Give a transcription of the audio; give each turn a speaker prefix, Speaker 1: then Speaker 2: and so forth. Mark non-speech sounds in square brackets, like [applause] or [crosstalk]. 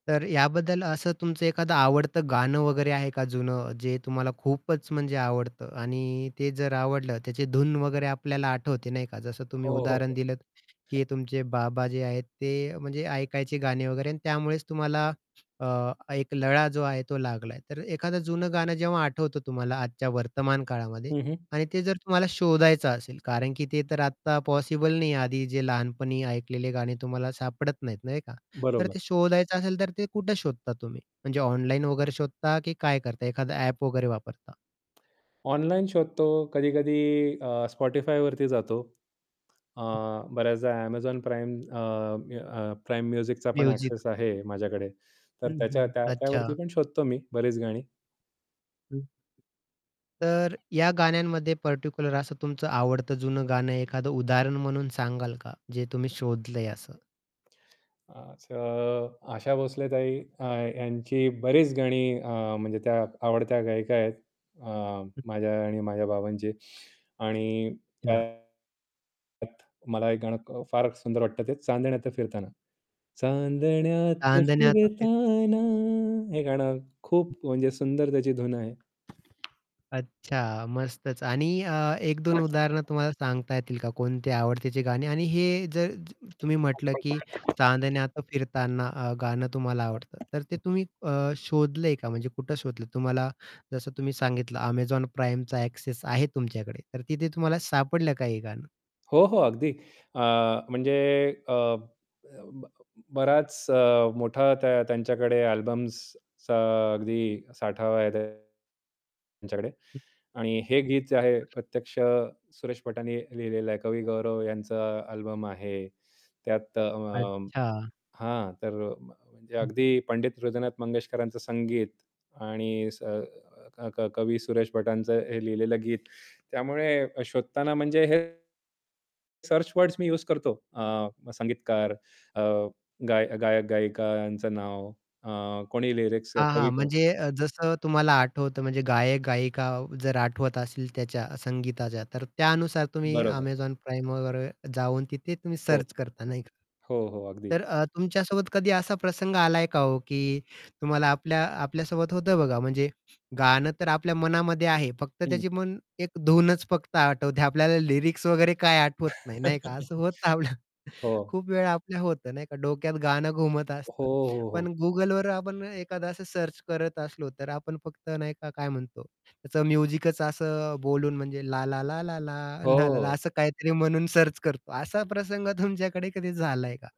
Speaker 1: तर याबद्दल असं तुमचं एखादं आवडतं गाणं वगैरे आहे का जुनं जे तुम्हाला खूपच म्हणजे आवडतं. आणि ते जर आवडलं त्याचे धून वगैरे आपल्याला आठवते नाही का? जसं तुम्ही
Speaker 2: हो, हो, हो.
Speaker 1: उदाहरण दिलंत, की तुमचे बाबा जे आहेत ते म्हणजे ऐकायचे गाणे वगैरे आणि त्यामुळेच तुम्हाला अ, एक लळा जो आहे तो लागलाय. तर एखादं जं गाणं जेव्हा आठवतं तुम्हाला आजच्या वर्तमान काळामध्ये
Speaker 2: हं, हं.
Speaker 1: आणि ते जर तुम्हाला शोधायचं असेल कारण, की ते तर आत्ता पॉसिबल नाहीये आधी जे लहानपणी ऐकलेले गाणी तुम्हाला सापडत नाहीत नाही का? तर
Speaker 2: बरोबर.
Speaker 1: ते शोधायचं असेल तर ते कुठे शोधता तुम्ही म्हणजे ऑनलाईन वगैरे शोधता की काय करता एखादं ॲप वगैरे वापरता?
Speaker 2: ऑनलाईन शोधतो कधी-कधी अ, Spotifyवरती जातो. अ,
Speaker 1: हं.
Speaker 2: बऱ्याचदा Amazon Prime अ, मी अ, Prime musicचा पण
Speaker 1: म्युझिक.
Speaker 2: ॲक्सेस आहे माझ्याकडे तर
Speaker 1: हं,
Speaker 2: त्याच्या
Speaker 1: हं,
Speaker 2: त्या त्यावरती
Speaker 1: अच्छा.
Speaker 2: पण शोधतो मी बरीच गाणी.
Speaker 1: हं. तर या गाण्यांमध्ये पार्टिक्युलर असं तुमचं आवडत जुनं गाणं एखादं उदाहरण म्हणून सांगाल का? जे तुम्ही शोधलंय असं.
Speaker 2: असं, आशा भोसले ताई अ, यांची बरीच गाणी अ, म्हणजे त्या आवडत्या गायिका आहेत. अ,
Speaker 1: हं.
Speaker 2: माझ्या आणि माझ्या बाबांची. आणि
Speaker 1: [unintelligible]
Speaker 2: [unintelligible] मला हे गाणं क फार सुंदर वाटत ते चांदण्यात फिरताना. चांदण्यात
Speaker 1: चांदण्यात फिर
Speaker 2: फिरताना हे गाणं
Speaker 1: हं.
Speaker 2: खूप म्हणजे सुंदर त्याची धून आहे.
Speaker 1: अच्छा, मस्तच. आणि अ, एक दोन उदाहरणं
Speaker 2: [unintelligible]
Speaker 1: तुम्हाला सांगता येतील का, कोणते आवडतेची गाणी? आणि हे जर तुम्ही म्हटलं, की
Speaker 2: [unintelligible]
Speaker 1: चांदण्यात फिरताना अ, गाणं तुम्हाला आवडतं तर ते तुम्ही
Speaker 2: [unintelligible]
Speaker 1: अ, शोधलंय का? म्हणजे कुठे शोधलं? तुम्हाला जसं तुम्ही सांगितलं Amazon Primeचा ॲक्सेस आहे तुमच्याकडे, तर तिथे तुम्हाला सापडलं का हे गाणं?
Speaker 2: हो, हो. अगदी अ, म्हणजे अ, अ, बराच अ, मोठा त्या त्यांच्याकडे अल्बम्सचा अगदी साठा आहे त्यांच्याकडे
Speaker 1: हं.
Speaker 2: आणि हे गीत जे आहे प्रत्यक्ष सुरेश भटांनी लिहिलेलं आहे. कवी गौरव यांचा अल्बम आहे. त्यात अ, अ,
Speaker 1: अच्छा.
Speaker 2: हां, तर म्हणजे
Speaker 1: हं.
Speaker 2: अगदी पंडित हृदयनाथ मंगेशकरांचं संगीत आणि स क क कवी सुरेश भटांचं हे लिहिलेलं गीत, त्यामुळे अ, शोधताना म्हणजे हे सर्च वर्ड्स मी यूज करतो. अ, मग संगीतकार अ, गायक गायक गायिका यांचं नाव अ, कोणी लिरिक्स
Speaker 1: हां,
Speaker 2: कवी
Speaker 1: हां.
Speaker 2: कोण.
Speaker 1: म्हणजे अ, जसं तुम्हाला आठवतं म्हणजे गायक-गायिका जर आठवत असेल त्याच्या, संगीताच्या, तर त्यानुसार तुम्ही
Speaker 2: बरोबर.
Speaker 1: Amazon Primeवर जाऊन तिथे तुम्ही
Speaker 2: हो.
Speaker 1: सर्च करता नाही का?
Speaker 2: हो, हो अगदी.
Speaker 1: तर अ, तुमच्यासोबत कधी असा प्रसंग आलाय का ओ, की तुम्हाला आपल्या आपल्यासोबत होतं बघा म्हणजे गाणं तर आपल्या मनामध्ये आहे फक्त
Speaker 2: हं.
Speaker 1: त्याची मन एक धूनच फक्त आठवते आपल्याला लिरिक्स वगैरे काय आठवत नाही नाही का? असं
Speaker 2: [laughs]
Speaker 1: होतं आपलं.
Speaker 2: हो.
Speaker 1: खूप वेळ आपल्याला होतं, नाही का, डोक्यात गाणं घुमत
Speaker 2: हो,
Speaker 1: असतं.
Speaker 2: हो,
Speaker 1: पण
Speaker 2: हो.
Speaker 1: Googleवर आपण एखादं असं सर्च करत असलो, तर आपण फक्त नाही का काय म्हणतो त्याचं म्युझिकच असं बोलून म्हणजे ला, ला, ला ला, ला, ला, ला, ला
Speaker 2: हो.
Speaker 1: असं काहीतरी म्हणून सर्च करतो. असा प्रसंग तुमच्याकडे कधी झालाय का?